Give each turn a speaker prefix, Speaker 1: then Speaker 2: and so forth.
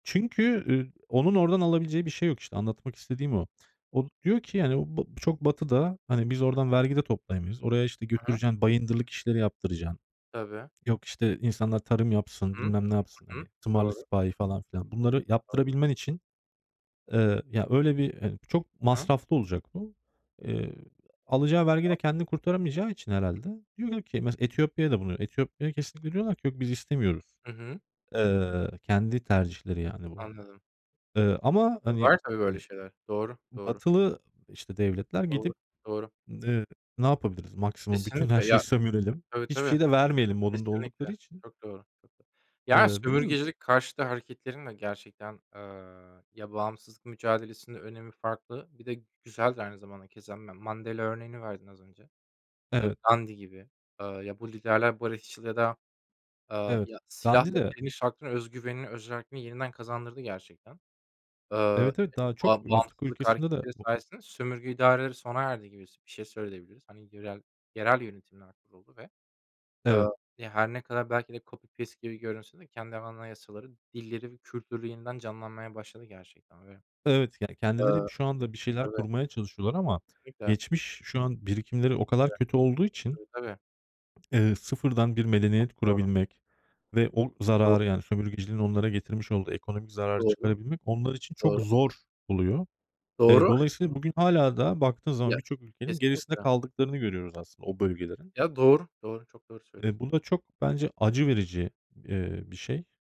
Speaker 1: Çünkü, ııı, onun oradan alabileceği bir şey yok. İşte anlatmak istediğim o. O diyor ki, yani, o ba bu çok batıda, hani, biz
Speaker 2: Hı
Speaker 1: oradan
Speaker 2: hı.
Speaker 1: vergi de toplayamayız. Oraya, işte,
Speaker 2: Hı hı.
Speaker 1: götüreceksin, bayındırlık işleri yaptıracaksın.
Speaker 2: Tabii.
Speaker 1: Yok, işte, insanlar tarım yapsın,
Speaker 2: Hıı,
Speaker 1: bilmem ne yapsın,
Speaker 2: hı hı.
Speaker 1: hani, tımarlı
Speaker 2: Doğru.
Speaker 1: sipahi falan filan. Bunları
Speaker 2: [unintelligible]
Speaker 1: yaptırabilmen için, eee, ya, öyle bir, hani çok
Speaker 2: Hı hı.
Speaker 1: masraflı olacak bu. Eee, alacağı vergi de
Speaker 2: [unintelligible]
Speaker 1: kendini kurtaramayacağı için herhâlde
Speaker 2: [unintelligible]
Speaker 1: diyorlar ki mesela Etiyopya'ya da bunu Etiyopya'ya kesinlikle diyorlar ki: "Yok, biz istemiyoruz."
Speaker 2: Hı hı.
Speaker 1: Eee, kendi tercihleri, yani, bu.
Speaker 2: Anladım.
Speaker 1: Eee, ama,
Speaker 2: E,
Speaker 1: hani
Speaker 2: var tabii böyle
Speaker 1: hani,
Speaker 2: şeyler. Doğru, doğru.
Speaker 1: batılı, işte, devletler
Speaker 2: Doğru,
Speaker 1: gidip,
Speaker 2: doğru.
Speaker 1: eee, "Ne yapabiliriz? Maksimum bütün her
Speaker 2: Kesinlikle.
Speaker 1: şeyi
Speaker 2: Ya
Speaker 1: sömürelim.
Speaker 2: Tabii,
Speaker 1: Hiçbir
Speaker 2: tabii.
Speaker 1: şey de vermeyelim." modunda oldukları
Speaker 2: Kesinlikle.
Speaker 1: için.
Speaker 2: Çok doğru. Ya,
Speaker 1: Eee, bilmiyorum.
Speaker 2: sömürgecilik karşıtı hareketlerin de gerçekten, aaa, ya, bağımsızlık mücadelesinin önemi farklı. Bir de güzel de aynı zamanda keza Ma Mandela örneğini verdin az önce. Eee,
Speaker 1: Evet.
Speaker 2: Gandhi gibi. Eee, ya, bu liderler barışçıl ya da, aaa,
Speaker 1: Evet,
Speaker 2: ya, silahla
Speaker 1: Gandhi de
Speaker 2: direniş hakkını, öz güvenini, özerkliğini yeniden kazandırdı gerçekten. Aaa,
Speaker 1: Evet, evet. Daha çok
Speaker 2: ba
Speaker 1: Afrika
Speaker 2: bağımsızlık
Speaker 1: ülkesinde de
Speaker 2: hareketleri
Speaker 1: o
Speaker 2: sayesinde sömürge idareleri sona erdi gibi s bir şey söyleyebiliriz. Hani, yörel yerel yönetimler kuruldu ve, aaa,
Speaker 1: Evet.
Speaker 2: ya, her ne kadar belki de copy paste gibi görünse de kendi anayasaları, dilleri ve kültürü yeniden canlanmaya başladı gerçekten ve
Speaker 1: Evet, yani,
Speaker 2: eee
Speaker 1: kendileri bi şu anda bir şeyler
Speaker 2: Tabii.
Speaker 1: kurmaya çalışıyorlar ama
Speaker 2: Kesinlikle.
Speaker 1: geçmiş şu an birikimleri o kadar
Speaker 2: Tabii.
Speaker 1: kötü olduğu için,
Speaker 2: Tabii, tabii.
Speaker 1: eee, sıfırdan bir
Speaker 2: Çok
Speaker 1: medeniyet
Speaker 2: doğru.
Speaker 1: kurabilmek ve o
Speaker 2: Do
Speaker 1: zararı yani sömürgeciliğin onlara getirmiş olduğu ekonomik zararı
Speaker 2: Doğru,
Speaker 1: çıkarabilmek onlar için çok
Speaker 2: doğru.
Speaker 1: zor oluyor. Eee,
Speaker 2: Doğru.
Speaker 1: dolayısıyla bugün hâlâ daha baktığın zaman
Speaker 2: Ya,
Speaker 1: birçok ülkenin gerisinde
Speaker 2: kesinlikle.
Speaker 1: kaldıklarını görüyoruz aslında o bölgelerin.
Speaker 2: Ya, doğru, doğru. Çok doğru söylüyorsun.
Speaker 1: Eee, bu da çok bence acı verici, eee, bir şey.